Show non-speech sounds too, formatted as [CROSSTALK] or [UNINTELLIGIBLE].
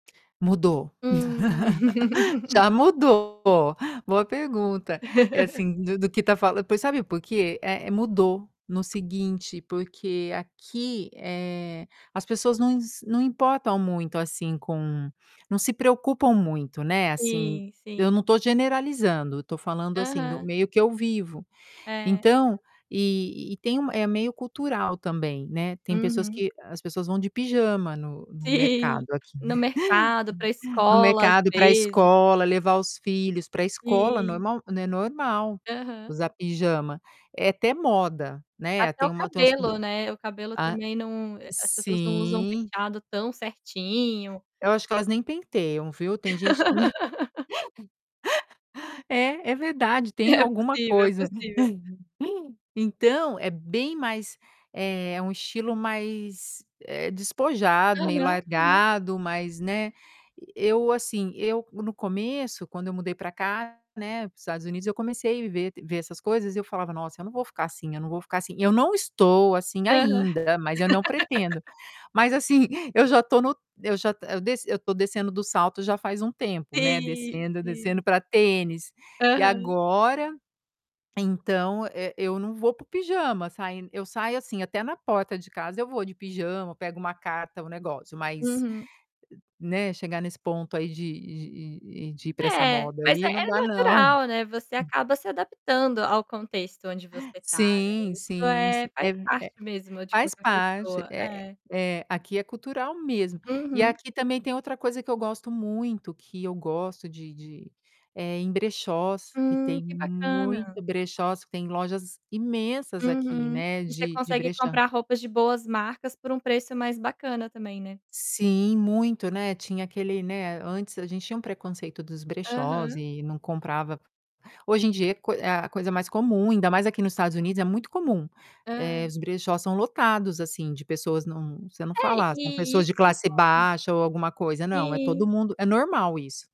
Mudou. [LAUGHS] Hum. Já mudou, [LAUGHS] boa pergunta. É [LAUGHS] assim do do que está fala pois, sabe por quê? É é mudou, no seguinte porque aqui, eh, as pessoas não ins não importam muito, assim, com não se preocupam muito, né, assim, Sim, eu sim. não estou generalizando, eu estou falando assim do Aham. meio que eu vivo. É. Então, e e tem um é meio cultural também, né, tem pessoas Uhum. que as pessoas vão de pijama no no mercado Sim, aqui. no mercado, pra [LAUGHS] No escola, às mercado, ir para vezes. escola, levar os filhos pra escola, Sim. normal n é normal Aham. usar pijama, é até moda, né. Até Tem o uma tem umas p cabelo, né, o cabelo a também não, eh, as pessoas não usam sim. penteado tão certinho. Eu acho que elas nem penteiam, viu. Tem gente que me [LAUGHS] [LAUGHS] É, é verdade, tem É alguma possível, é coisa. possível. [LAUGHS] Então, é bem mais é um estilo mais, eh, despojado, meio Aham, aham. largado, mas né, eu assim, eu no começo quando eu mudei para cá, né, para os Estados Unidos eu comecei ver ver essas coisas e eu falava: "Nossa eu não vou ficar assim, eu não vou ficar assim". Eu não estou assim Aham. ainda, mas eu não pretendo. [LAUGHS] Mas assim, eu já estou no eu já to eu desci eu estou descendo do salto já faz um tempo, né, Sim, descendo, descendo sim. para tênis. E Aham. agora, então e eu não vou para o pijama sain eu saio, assim, até na porta de casa eu vou de pijama, pego uma carta, um negócio mas, Uhum. né, chegar nesse ponto aí de de e de ir para essa É, moda mas é aí, não é dá não. natural, né, você acaba se adaptando ao contexto onde você tá, né, Sim isso sim, sim. é faz É parte é, mesmo de faz qualquer parte, pessoa, é é. é, aqui é cultural mesmo. E Uhum. aqui também tem outra coisa que eu gosto muito, que eu gosto de de é em brechós, que Hum, tem que muito bacana. brechós, tem lojas imensas aqui, Uhum. né, E você de de consegue brechó. comprar roupas de boas marcas por um preço mais bacana também, né. Sim, muito, né, tinha aquele né, antes a gente tinha um preconceito dos brechós Aham. e não comprava. Hoje em dia é coi é a coisa mais comum, ainda mais aqui nos Estados Unidos é muito comum, Ah, eh, é. os brechós são lotados, assim, de pessoas não você não É, fala: "Ah, são e e pessoas de isso classe [UNINTELLIGIBLE] baixa ou alguma coisa.", não, é e todo Sim. mundo é normal isso.